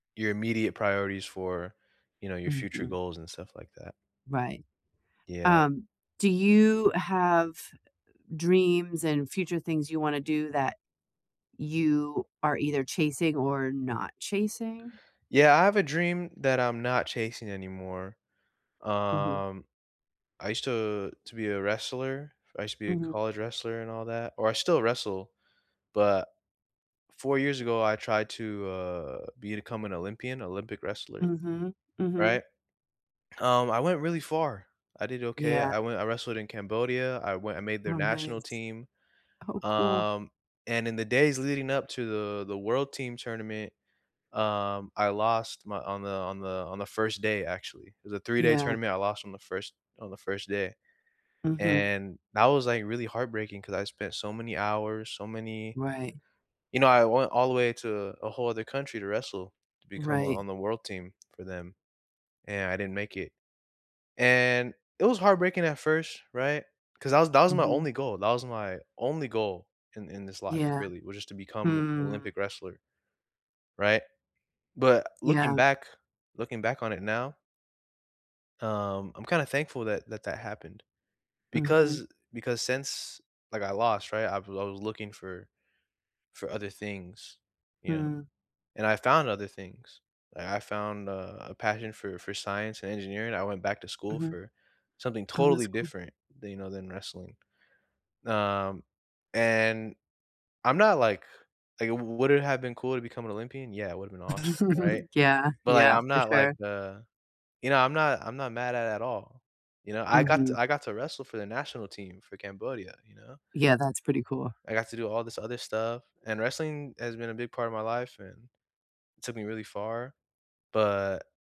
Your immediate priorities for, you know, your future Mhm. goals and stuff like that. Right. Yeah. Um, do you have dreams and future things you wanna do that you are either chasing or not chasing? Yeah. I have a dream that I'm not chasing anymore. Mhm. Um, I used to to be a wrestler, I used to be a Mhm. college wrestler and all that or I still wrestle, but, 4 years ago, I tried to, uh, become an Olympian, Olympic wrestler, Mhm. Mhm. right, um, I went really far, I did okay. Yeah. I went I wrestled in Cambodia, I went and made Oh, their national nice. team. Oh, cool. Um, and in the days leading up to the the world team tournament, um, I lost my on the on the on the 1st day, actually it was a three-day Yeah. tournament, I lost on the 1st on the 1st day. Mhm. And that was, like, really heartbreaking 'cause I spent so many hours, so many Right. you know I went all the way to a whole other country to wrestle, to become on Right. on the world team for them, and I didn't make it. And, it was heartbreaking at 1st, right? 'Cause that was that was my Mhm. only goal, that was my only goal in in this life, Yeah. really, was just to become Hmm. Olympic wrestler, right? But, looking Yeah. back looking back on it now um, I'm kinda thankful that that, that happened Mhm. because, eh because since, like, I lost, right? I was I was looking for for other things, you know, Hmm. and I found other things. Like, I found a a passion for for science and engineering. I went back to school Mhm. for something Oh, that's totally cool. different than you know, than wrestling. Um, and I'm not, like like, "W would it have been cool to become an Olympian?" Yeah, it would have been awesome, right? Yeah. But, like, Yeah. I'm For not, like, sure. uh you know, I'm not I'm not mad at at all, you know? I got t Mhm. I got to wrestle for the national team for Cambodia, you know? Yeah, that's pretty cool. I got to do all this other stuff, and wrestling has been a big part of my life and took me really far, but